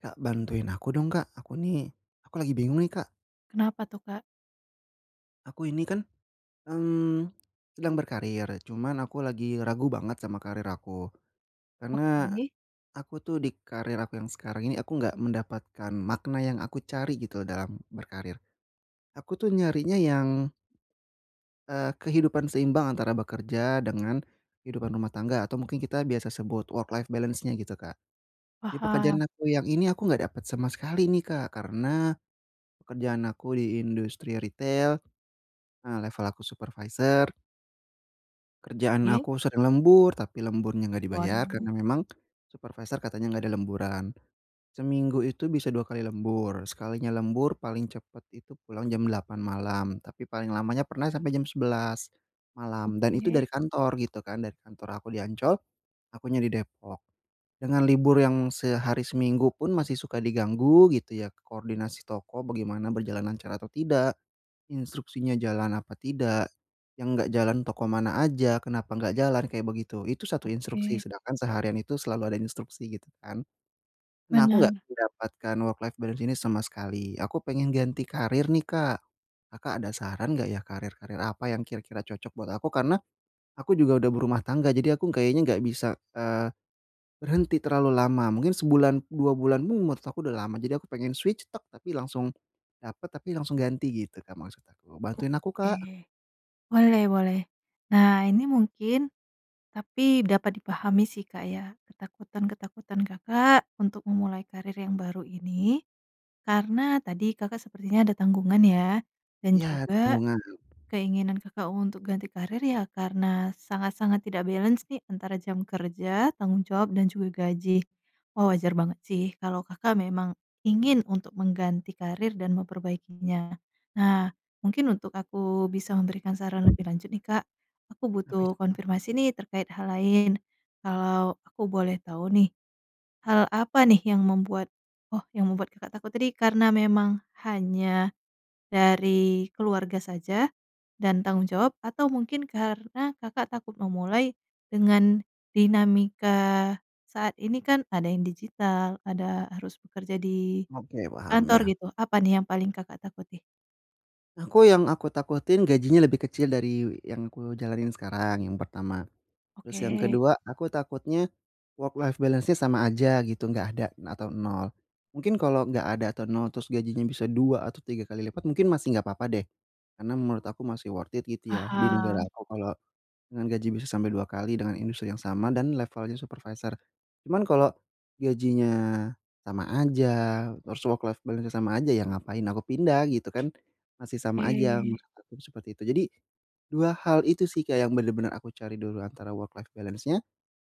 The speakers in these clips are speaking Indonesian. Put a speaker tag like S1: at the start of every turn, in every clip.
S1: Kak, bantuin aku dong Kak, aku nih, aku lagi bingung nih Kak.
S2: Kenapa tuh Kak?
S1: Aku ini kan, mmm, sedang berkarir cuman aku lagi ragu banget sama karir aku, karena,
S2: Oke.
S1: aku tuh di karir aku yang sekarang ini aku enggak mendapatkan makna yang aku cari gitu dalam berkarir. Aku tuh nyarinya yang, eee, kehidupan seimbang antara bekerja dengan, kehidupan rumah tangga atau mungkin kita biasa sebut work life balance-nya gitu Kak. Di
S2: Paham.
S1: pekerjaan aku yang ini aku enggak dapet sama sekali nih Kak karena, pekerjaan aku di industri retail. Ah, level aku supervisor. Kerjaan
S2: Oke.
S1: aku sering lembur tapi lemburnya enggak dibayar
S2: Waduh.
S1: karena memang, supervisor katanya enggak ada lemburan. Seminggu itu bisa 2 kali lembur sekalinya lembur paling cepet itu pulang jam 8 malam tapi paling lamanya pernah sampai jam 11, malam dan itu
S2: Oke.
S1: dari kantor gitu kan dari kantor aku di Ancol, akunya di Depok, dengan libur yang sehari seminggu pun masih suka diganggu gitu ya koordinasi toko bagaimana berjalan lancar atau tidak, instruksinya jalan apa tidak, yang enggak jalan toko mana aja, kenapa nggak jalan kayak begitu itu 1 instruksi
S2: Oke.
S1: sedangkan seharian itu selalu ada instruksi gitu kan. Nah, aku enggak
S2: Bener.
S1: mendapatkan work life balance ini sama sekali aku pengen ganti karir nih Kak, Kakak ada saran nggak ya karir-karir apa yang kira-kira cocok buat aku karena, aku juga udah berumah tangga jadi aku kayaknya nggak bisa, eee, berhenti terlalu lama mungkin sebulan 2 bulan pun menurut aku udah lama jadi aku pengen switch tek tapi langsung, dapet tapi langsung ganti gitu Kak maksud aku bantuin aku
S2: Oke,
S1: Kak.
S2: boleh boleh. Nah, ini mungkin tapi dapat dipahami sih Kak ya ketakutan-ketakutan Kakak untuk memulai karir yang baru ini, karena tadi Kakak sepertinya ada tanggungan ya, dan
S1: Iya,
S2: juga,
S1: tanggungan.
S2: keinginan Kakak untuk ganti karir ya karena sangat-sangat tidak balance nih antara jam kerja, tanggung jawab dan juga gaji. Wah, wajar banget sih kalau Kakak memang ingin untuk mengganti karir dan memperbaikinya. Nah, mungkin untuk aku bisa memberikan saran lebih lanjut nih Kak, aku
S1: Apa itu
S2: butuh
S1: Kak?
S2: konfirmasi nih terkait hal lain, kalau aku boleh tahu nih, hal apa nih yang membuat oh, yang membuat Kakak takut tadi karena memang hanya, dari keluarga saja, dan tanggung jawab atau mungkin karena Kakak takut memulai, dengan dinamika, saat ini kan ada yang digital, ada harus bekerja di
S1: Oke, paham,
S2: kantor
S1: ya.
S2: gitu apa nih yang paling Kakak takuti?
S1: Aku, yang aku takutin gajinya lebih kecil dari yang aku jalanin sekarang, yang pertama. Terus yang
S2: Oke.
S1: ke-2, aku takutnya, work-life balance-nya sama aja gitu, enggak ada atau 0. Mungkin kalau enggak ada atau 0 terus gajinya bisa 2 atau 3 kali lipat, mungkin masih enggak apa-apa deh. Karena menurut aku masih worth it gitu ya di negara
S2: Paham.
S1: aku kalau dengan gaji bisa sampai 2 kali dengan industri yang sama dan levelnya supervisor. Cuman kalau, gajinya sama aja, terus work-life balance-nya sama aja ya ngapain aku pindah gitu kan? Masih sama aja,
S2: E
S1: maksud aku tuh seperti itu. Jadi 2 hal itu sih, kayak yang bener-bener aku cari dulu, antara work-life balance-nya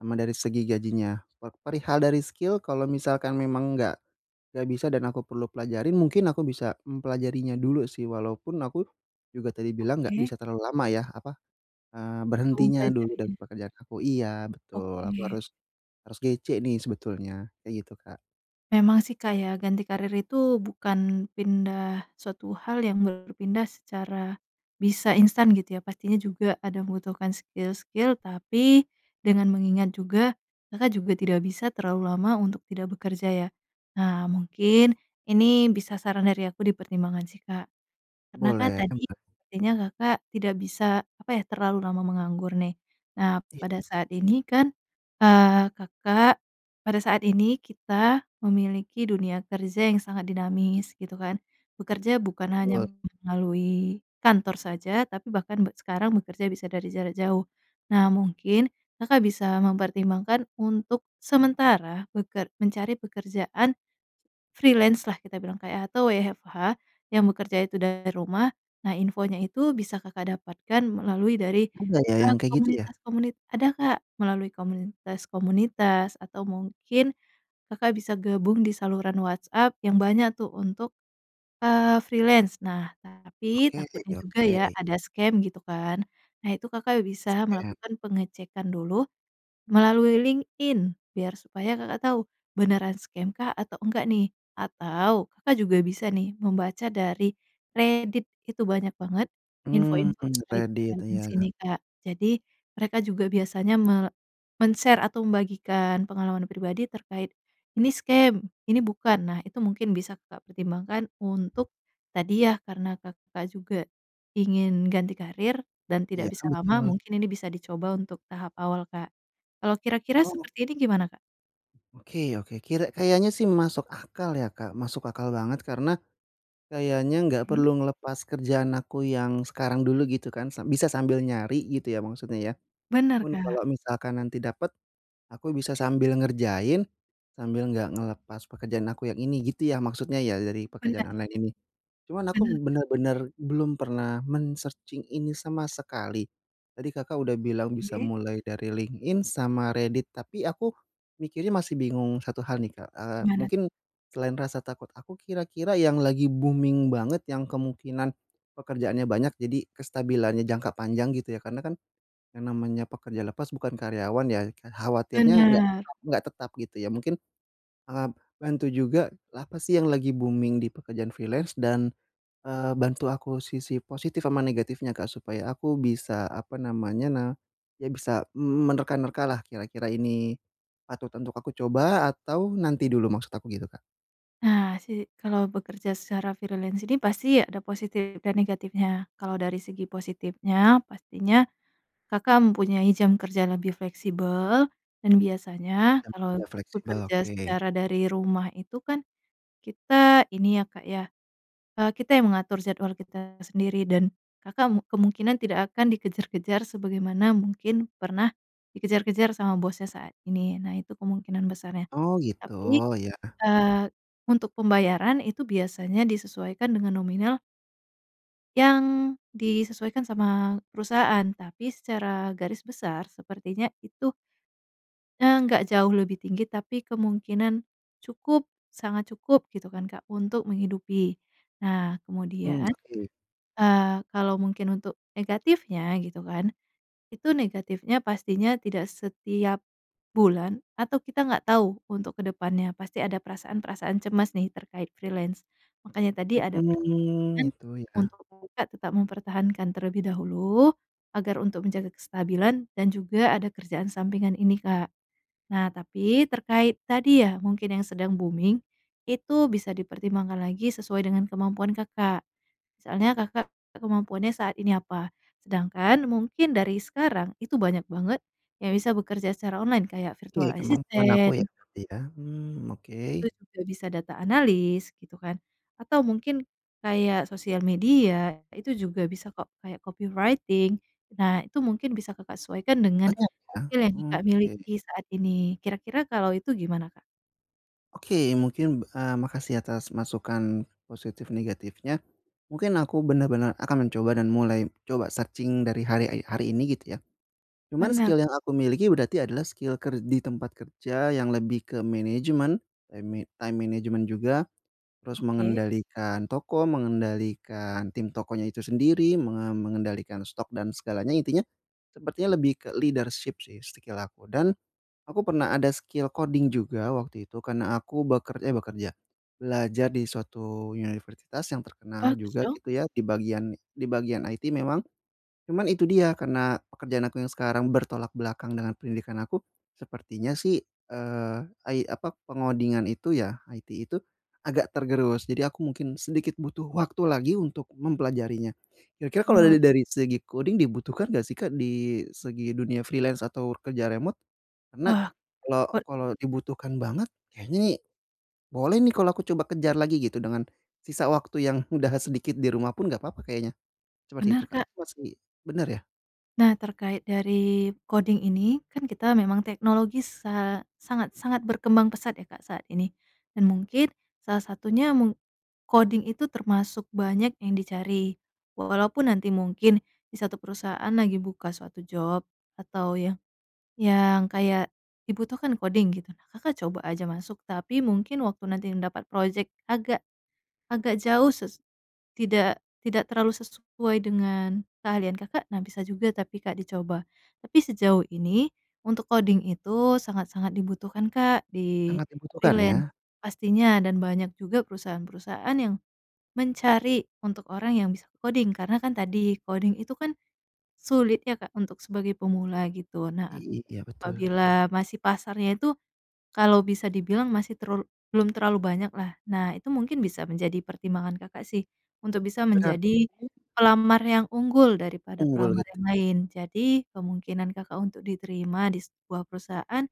S1: sama dari segi gajinya, pe perihal dari skill kalau misalkan memang enggak enggak bisa dan aku perlu pelajarin. Mungkin aku bisa mempelajarinya dulu sih. Walaupun aku juga tadi bilang nggak
S2: Oke.
S1: bisa terlalu lama yah, apa, eee,
S2: Butuh
S1: berhentinya dulu dari
S2: mempelajarinya.
S1: pekerjaan aku. Iya betul, aku
S2: Oke.
S1: harus harus GC nih sebetulnya, kayak gitu, Kak.
S2: Memang sih, Kak, ya. Ganti karir itu, bukan pindah suatu hal yang berpindah secara bisa instan gitu ya. Pastinya juga ada membutuhkan skill-skill, tapi, dengan mengingat juga Kakak juga tidak bisa terlalu lama untuk tidak bekerja ya. Nah, mungkin ini bisa saran dari aku dipertimbangan sih, Kak. Karena kan
S1: Boleh. M
S2: tadi
S1: a
S2: kayaknya Kakak tidak bisa apa ya, terlalu lama menganggur nih. Nah
S1: Iya.
S2: pada saat ini kan, eee, Kakak, pada saat ini kita memiliki dunia kerja yang sangat dinamis gitu kan? Bekerja bukan hanya
S1: Betul.
S2: melalui kantor saja, tapi bahkan be sekarang bekerja bisa dari jarak jauh. Nah, mungkin Kakak bisa mempertimbangkan untuk sementara beker mencari pekerjaan freelance lah kita bilang kayak atau WFH yang bekerja itu dari rumah. Nah infonya itu bisa Kakak dapatkan melalui dari,
S1: Ada ya
S2: eee,
S1: yang kayak gitu ya?
S2: komunitas-komunit ada, Kak, melalui komunitas-komunitas atau mungkin Kakak bisa gabung di saluran WhatsApp yang banyak tuh untuk, eee, freelance. Nah, tapi
S1: Oke
S2: takutnya juga
S1: oke.
S2: ya ada scam gitu kan. Nah itu, Kakak bisa
S1: Ea
S2: melakukan pengecekan dulu, melalui LinkedIn biar supaya Kakak tahu, beneran scam kah atau enggak nih? Atau Kakak juga bisa nih membaca dari Reddit itu banyak banget
S1: Mmm,
S2: info-info terkait
S1: Reddit
S2: freelance
S1: iya.
S2: ini, Kak. Jadi mereka juga biasanya me men-share atau membagikan pengalaman pribadi terkait, ini scam, ini bukan. Nah itu mungkin bisa Kakak pertimbangkan untuk, tadi yah karena Kakak juga ingin ganti karir dan tidak
S1: Iya,
S2: bisa lama.
S1: betul.
S2: Mungkin ini bisa dicoba untuk tahap awal, Kak. Kalau kira-kira
S1: Oh.
S2: seperti ini gimana Kak?
S1: Oke oke. Kira kayaknya sih masuk akal ya, Kak. Masuk akal banget karena kayaknya enggak
S2: Oke.
S1: perlu ngelepas kerjaan aku yang sekarang dulu gitu, kan? Sa bisa sambil nyari gitu ya maksudnya, ya?
S2: Benar,
S1: Pun
S2: Kak.
S1: kalau misalkan nanti dapat, aku bisa sambil ngerjain sambil enggak ngelepas pekerjaan aku yang ini, gitu ya maksudnya ya dari pekerjaan
S2: Benar.
S1: online ini? Cuman aku
S2: Benar, Kak.
S1: benar-benar belum pernah men-searching ini sama sekali. Tadi Kakak udah bilang bisa
S2: Oke.
S1: mulai dari LinkedIn sama Reddit, tapi aku mikirnya masih bingung 1 hal nih, Kak. Eee,
S2: Gimana tuh?
S1: mungkin selain rasa takut aku, kira-kira yang lagi booming banget yang kemungkinan pekerjaannya banyak, jadi kestabilannya jangka panjang gitu ya, karena kan yang namanya pekerja lepas bukan karyawan ya, ke khawatirnya enggak
S2: Benar.
S1: tetap enggak tetap gitu ya. Mungkin, eee, bantu juga apa sih yang lagi booming di pekerjaan freelance? Dan, eee, bantu aku sisi positif sama negatifnya, Kak, supaya aku bisa, apa namanya, na ya bisa m menerka-nerkalah, kira-kira ini patut untuk aku coba atau nanti dulu? Maksud aku gitu, Kak.
S2: Nah, si kalau bekerja secara freelance ini, pasti ada positif, dan negatifnya. Kalau, dari segi positifnya, pastinya Kakak mempunyai jam kerja lebih fleksibel, dan biasanya
S1: Jam
S2: kalau
S1: kerja fleksibel,
S2: bekerja
S1: oke.
S2: secara dari rumah itu kan, kita, ini ya, Kak, ya, eee, kita yang mengatur jadwal kita sendiri, dan Kakak mu kemungkinan tidak akan dikejar-kejar, sebagaimana mungkin, pernah dikejar-kejar sama bosnya, saat ini, nah, itu kemungkinan besarnya.
S1: Oh, gitu?
S2: Tapi,
S1: Iya.
S2: eee, untuk pembayaran, itu biasanya disesuaikan dengan nominal yang disesuaikan sama perusahaan, tapi, secara garis besar, sepertinya itu ya, nggak jauh lebih tinggi, tapi, kemungkinan cukup, sangat cukup gitu kan, Kak, untuk menghidupi. Nah,
S1: Mmm,
S2: kemudian,
S1: oke.
S2: eee, kalau mungkin untuk negatifnya, gitu kan, itu negatifnya, pastinya tidak setiap bulan, atau kita enggak tahu, untuk ke depannya pasti ada perasaan-perasaan cemas nih, terkait freelance, makanya, tadi ada
S1: Mhm,
S2: pertimbangan
S1: gitu ya?
S2: untuk Kakak tetap mempertahankan terlebih dahulu, agar, untuk menjaga kestabilan, dan juga, ada kerjaan sampingan ini, Kak. Nah, tapi, terkait tadi ya, mungkin yang sedang booming itu bisa dipertimbangkan lagi sesuai dengan kemampuan Kakak. Misalnya, Kakak kemampuannya saat ini apa, sedangkan, mungkin dari sekarang, itu banyak banget yang bisa bekerja secara online, kayak,
S1: Oke, kemampuan aku
S2: virtual-assistant
S1: ya? Iya, mmm, oke.
S2: itu juga bisa, data-analyst gitu kan, atau mungkin, kayak, sosial media, itu juga bisa kok, kayak, copywriting. Nah, itu mungkin bisa Kakak sesuaikan dengan
S1: Banyak ya?
S2: skill yang
S1: Mhm,
S2: Kakak
S1: oke.
S2: miliki saat ini, kira-kira, kalau itu, gimana, Kak?
S1: Oke mungkin, b eee, makasih atas masukan, positif negatifnya, mungkin aku bener-bener akan mencoba dan mulai coba searching dari harek hari ini gitu ya, cuman
S2: Bener.
S1: skill yang aku miliki berarti adalah skill ker di tempat kerja yang lebih ke manajemen eme time management juga, terus
S2: Oke.
S1: mengendalikan toko mengendalikan tim tokonya itu sendiri menga mengendalikan stok dan segalanya intinya, sepertinya lebih ke leadership sih skill aku dan, aku pernah ada skill coding juga waktu itu karena aku beker eh, bekerja, belajar di suatu universitas yang terkenal
S2: Bagus
S1: juga
S2: dong.
S1: gitu ya di bagian di bagian IT memang, cuman itu dia karena pekerjaan aku yang sekarang bertolak belakang dengan pendidikan aku, sepertinya sih, eee, ai apa pengodingan itu ya IT itu, agak tergerus jadi aku mungkin sedikit butuh waktu lagi untuk mempelajarinya, kira-kira kalau
S2: Boleh.
S1: dali dari segi coding dibutuhkan enggak sih, Kak, di segi dunia freelance atau kerja remote? Karena
S2: Wah,
S1: kalau
S2: cod
S1: kalau dibutuhkan banget kayaknya nih, boleh nih kalau aku coba kejar lagi gitu dengan, sisa waktu yang udah sedikit di rumah pun gak papa kayaknya, seperti itu,
S2: Bener,
S1: Kak,
S2: Kak.
S1: apa masih benar ya?
S2: Nah, terkait dari koding ini, kan kita memang teknologi sa sangat-sangat berkembang pesat ya, Kak, saat ini dan mungkin salah satunya meng koding itu termasuk banyak yang dicari. Walaupun nanti mungkin di 1 perusahaan lagi buka suatu job atau yang yang kayak dibutuhkan koding gitu. Nah, Kakak coba aja masuk, tapi mungkin waktu nantinya dapat project agak agak jauh sus tidak tidak terlalu sesuai dengan keahlian Kakak, nah bisa juga, tapi, Kak, dicoba, tapi sejauh ini untuk koding itu sangat-sangat dibutuhkan, Kak, di
S1: Sangat dibutuhkan,
S2: freelance.
S1: ya?
S2: Pastinya, dan banyak juga perusahaan-perusahaan yang mencari untuk orang yang bisa koding. Karena kan tadi, koding itu kan sulit ya, Kak, untuk sebagai pemula gitu.
S1: I
S2: Nah,
S1: i iya betul.
S2: apabila masih pasarnya itu kalau bisa dibilang masih terlalu belum terlalu banyaklah. Nah, itu mungkin bisa menjadi pertimbangan Kakak sih untuk bisa
S1: Berarti
S2: menjadi pelamar yang unggul daripada
S1: Unggul,
S2: pelamar
S1: gitu?
S2: yang lain. Jadi, kemungkinan Kakak untuk diterima di sebuah perusahaan,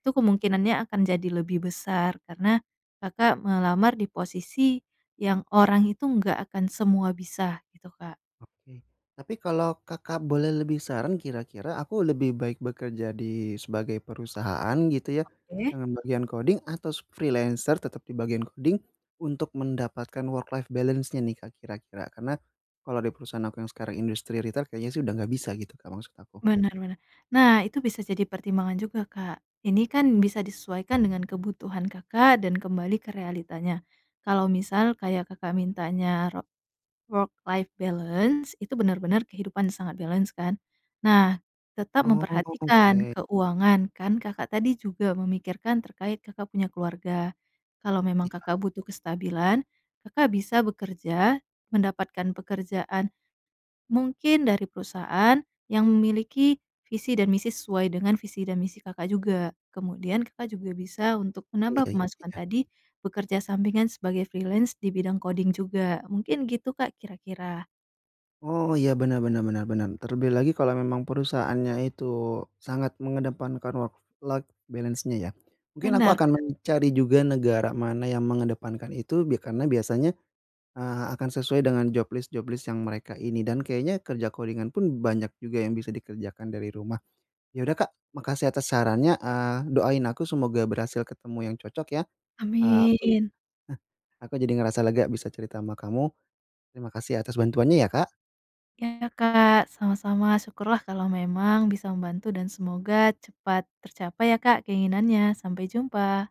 S2: itu kemungkinannya akan jadi lebih besar karena Kakak melamar di posisi yang orang itu enggak akan semua bisa, gitu, Kak.
S1: Oke. Tapi kalau Kakak boleh lebih saran, kira-kira aku lebih baik bekerja di sebagai perusahaan, gitu ya,
S2: Oke.
S1: dengan bagian coding atau s freelancer tetap di bagian coding untuk mendapatkan work-life balance-nya nih, Kak, kira-kira? Karena kalau di perusahaan aku yang sekarang industri retail kayaknya sih udah enggak bisa gitu, Kak, maksud aku.
S2: Bener bener. Nah, itu bisa jadi pertimbangan juga, Kak. Ini kan bisa disesuaikan dengan kebutuhan Kakak dan kembali ke realitanya. Kalau misal kayak Kakak mintanya ro work-life balance, itu bener-bener kehidupan sangat balance kan, nah, tetap
S1: Oh,
S2: memperhatikan
S1: oke.
S2: keuangan, kan Kakak tadi juga memikirkan terkait Kakak punya keluarga. Kalau memang Kakak
S1: Iya.
S2: butuh kestabilan, Kakak bisa bekerja, mendapatkan pekerjaan mungkin dari perusahaan yang memiliki visi dan misi sesuai dengan visi dan misi Kakak juga. Kemudian Kakak juga bisa untuk
S1: Iya
S2: menambah
S1: iya,
S2: pemasukan
S1: iya.
S2: tadi bekerja sampingan sebagai freelance di bidang coding juga. Mungkin gitu, Kak, kira-kira.
S1: Oh iya, bener bener bener bener. Terlebih lagi kalau memang perusahaannya itu sangat mengedepankan work-life balance-nya ya, mungkin aku
S2: Bener,
S1: akan
S2: Kak.
S1: mencari juga negara mana yang mengedepankan itu bi karena biasanya, eee, akan sesuai dengan job list job list yang mereka ini, dan kayaknya kerja coding-an pun banyak juga yang bisa dikerjakan dari rumah. Ya udah, Kak, makasih atas sarannya, eee, doain aku semoga berhasil ketemu yang cocok ya. Eee, aku eh,
S2: Amin.
S1: aku jadi ngerasa lega bisa cerita sama kamu. Terima kasih atas bantuannya ya, Kak.
S2: Iya, Kak. Sama-sama. Syukurlah kalau memang bisa membantu dan semoga cepat tercapai ya, Kak, keinginannya. Sampai jumpa.